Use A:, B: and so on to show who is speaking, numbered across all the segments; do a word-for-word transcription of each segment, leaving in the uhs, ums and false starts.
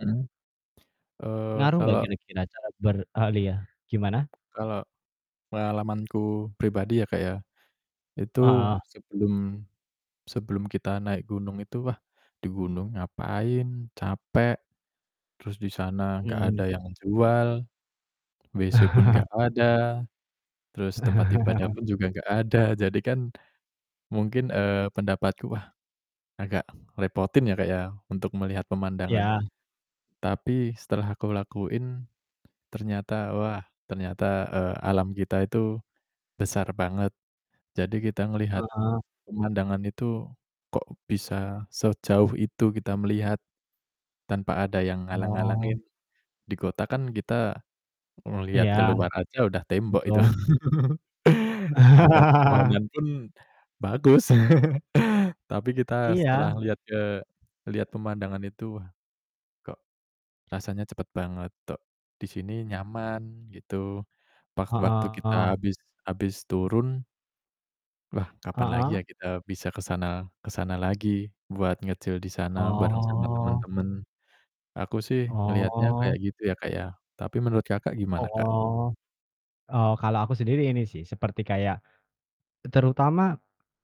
A: Mmm, eee,
B: Ngaruh enggak
A: kalau
B: kira-kira cara beralih ya, gimana?
A: kalau pengalamanku pribadi ya, Kak, ya, itu
B: Heeh.
A: sebelum sebelum kita naik gunung itu, wah, di gunung ngapain capek, terus di sana enggak
B: Mhm.
A: ada yang jual, WC pun enggak ada, terus tempat ibadah pun juga enggak ada, jadi kan mungkin, eee, pendapatku, wah, agak ngerepotin ya, Kak, ya untuk melihat pemandangan.
B: Ya.
A: Tapi, setelah aku lakuin, ternyata, wah, ternyata, eee, alam kita itu besar banget. Jadi kita ngelihat
B: Heeh.
A: pemandangan itu kok bisa sejauh itu kita melihat, tanpa ada yang
B: Oh.
A: halang-halangin. Di kota kan kita ngeliat
B: Iya,
A: keluar aja udah tembok itu.
B: betul.
A: Ada pepohonan pun bagus. Tapi kita
B: Iya.
A: setelah lihat ke lihat pemandangan itu, wah, kok rasanya cepet banget, tok di sini nyaman, gitu. Wak waktu
B: Heeh.
A: kita habis habis turun wah, kapan lagi ya
B: Heeh.
A: kita bisa ke sana ke sana lagi, buat nge-chill di sana bareng sama
B: Oh.
A: teman-teman. Aku sih ngelihatnya
B: Oh.
A: kayak gitu ya, Kak, ya, tapi menurut Kakak, gimana, Kak?
B: Oh, oh, kalau aku sendiri ini sih, seperti kayak terutama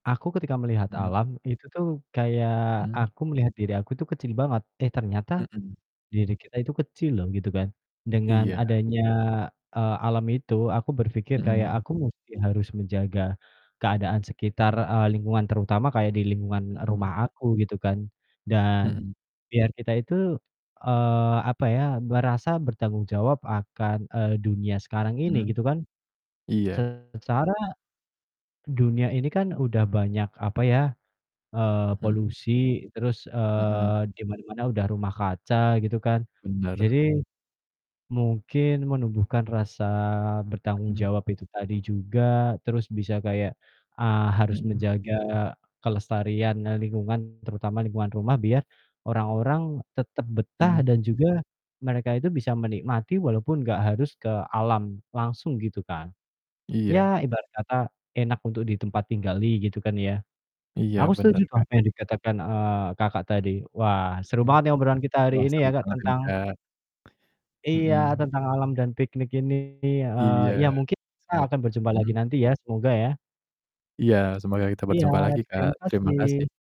B: aku ketika melihat
A: Mmm.
B: alam itu tuh, kayak
A: Mmm.
B: aku melihat diri aku tuh kecil banget, eh, ternyata
A: Mhm.
B: diri kita itu kecil loh, gitu kan. Dengan
A: Iya.
B: adanya, eee, alam itu aku berpikir, kayak
A: Mhm.
B: aku musti harus menjaga keadaan sekitar, eee, lingkungan, terutama kayak di lingkungan
A: Mhm.
B: rumah aku gitu kan. Dan,
A: Mhm.
B: biar kita itu, eee, apa ya, merasa bertanggung jawab akan, eee, dunia sekarang ini
A: Hmm,
B: gitu kan.
A: iya.
B: Secara dunia ini kan udah banyak, apa ya, eee,
A: Mhm.
B: polusi, terus, eee,
A: Mhm.
B: di mana-mana udah rumah kaca gitu kan.
A: Benar.
B: Jadi, mungkin menumbuhkan rasa bertanggung
A: Mhm.
B: jawab itu tadi juga, terus bisa kayak, eee, harus
A: Mhm.
B: menjaga kelestarian, e lingkungan, terutama lingkungan rumah, biar orang-orang tetap betah
A: Hmm.
B: dan juga mereka itu bisa menikmati walaupun enggak harus ke alam langsung gitu, kan.
A: Iya.
B: Ya, ibarat kata, enak untuk ditempat tinggali gitu, kan, ya.
A: Iya,
B: Aku setuju
A: benar,
B: tuh
A: Kak.
B: apa yang dikatakan, eee, Kakak, tadi. Wah, seru
A: Mhm,
B: banget nih obrolan kita hari
A: wah,
B: ini
A: seru
B: ya, Kak,
A: banget ini,
B: tentang
A: Kak,
B: Iya,
A: mhm.
B: tentang alam dan piknik ini, heeh, ya
A: Iya,
B: mungkin kita
A: semo
B: akan berjumpa lagi
A: mhm?
B: nanti, ya, semoga, ya.
A: Iya, semoga kita
B: Iya,
A: berjumpa lagi, Kak,
B: terima
A: terima kasih.
B: kasih.